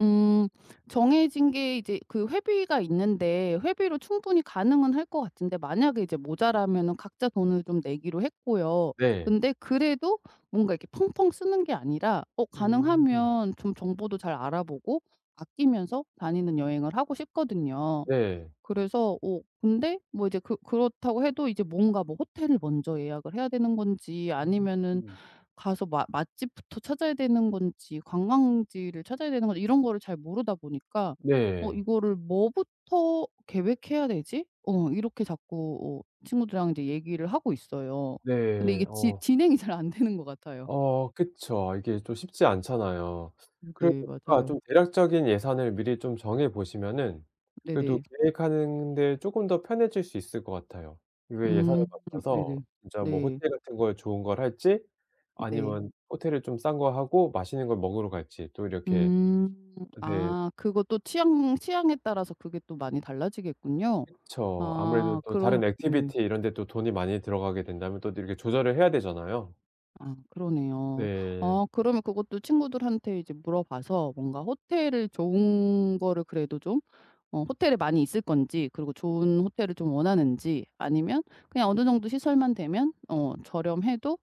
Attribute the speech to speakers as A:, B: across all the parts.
A: 음 정해진 게 이제 그 회비가 있는데 회비로 충분히 가능은 할 것 같은데 만약에 이제 모자라면은 각자 돈을 좀 내기로 했고요.
B: 네.
A: 근데 그래도 뭔가 이렇게 펑펑 쓰는 게 아니라 어
B: 음.
A: 가능하면 좀 정보도 잘 알아 보고 아끼면서 다니는 여행을 하고 싶거든요.
B: 네.
A: 그래서 어 근데 뭐 이제 그 그렇다고 해도 이제 뭔가 뭐 호텔을 먼저 예약을 해야 되는 건지 아니면은
B: 응.
A: 가서 마 맛집부터 찾아야 되는 건지 관광지를 찾아야 되는 건지 이런 거를 잘 모르다 보니까 어
B: 네.
A: 이거를 "뭐부터 계획해야 되지?" 어 이렇게 자꾸 어 친구들이랑 이제 얘기를 하고 있어요. 근데
B: 네,
A: 이게 지
B: 어.
A: 진행이 잘 안 되는 것 같아요.
B: 어 그쵸. 이게 좀 쉽지 않잖아요.
A: 음
B: 그래도
A: 네.
B: 약간
A: 맞아요.
B: 좀 대략적인 예산을 미리 좀 정해 보시면은 그래도
A: 네네.
B: 계획하는 데 쪼끔 더 편해질 수 있을 것 같아요. 이게
A: 음.
B: 예산을 맞춰서
A: 네네.
B: 진짜 뭐
A: 네.
B: 호텔 같은 거에 좋은 걸 할지
A: 음 네.
B: 아니면 호텔을 좀 싼 거 하고 맛있는 걸 먹으러 갈지 또 이렇게
A: 음.
B: 네.
A: 아 그것도 취향, 취향에 따라서 그게 또 많이 달라지겠군요.
B: 그쵸. 아무래도
A: 아
B: 또
A: 그럼
B: 다른
A: 네.
B: 액티비티 이런 데 또 돈이 많이 들어가게 된다면 또 이렇게 조절을 해야 되잖아요.
A: 아 그러네요.
B: 네.
A: 어 그러면 그것도 친구들한테 이제 물어봐서 뭔가 호텔을 좋은 거를 그래도 좀 어 호텔에 많이 있을 건지 그리고 좋은 호텔을 좀 원하는지 아니면 그냥 어느 정도 시설만 되면 어 저렴해도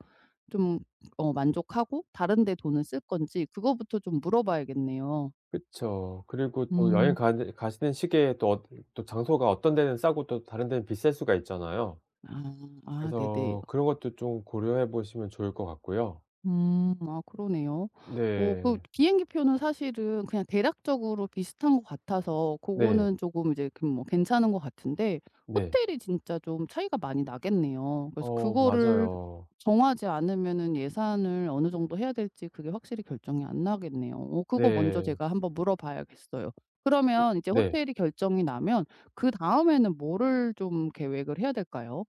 A: 좀 어 만족하고 다른데 돈을 쓸 건지 그거부터 좀 물어 봐야겠네요.
B: 그쵸. 그리고 또
A: 음.
B: 여행가는 가시는 시기에 또 어디를 또 장소가 어떤 데는 싸고 또 다른 데는 비쌀 수가 있잖아요.
A: 아 아 네네.
B: 그래서 그런 것도 좀 고려해 보시면 좋을 것 같고요.
A: 음 아 그러네요.
B: 으
A: 어 그
B: 네.
A: 비행기표는 사실은 그냥 대략적으로 비슷한 것 같아서
B: 네.
A: 그거는 쪼금 이제 그냥 뭐 괜찮은 것 같은데
B: 네.
A: 호텔이 진짜 좀 차이가 많이 나겠네요. 그래서
B: 어.
A: 그거를
B: 맞아요.
A: 정하지 않으면은 예산을 어느 정도 해야 될지 그게 확실히 결정이 안 나겠네요. 어 그거 먼저
B: 네.
A: 제가 한번 물어 봐야겠어요.
B: 음
A: 그러면 이제
B: 네.
A: 호텔이 결정이 나면 그다음에는 뭐를 좀 계획을 해야 될까요?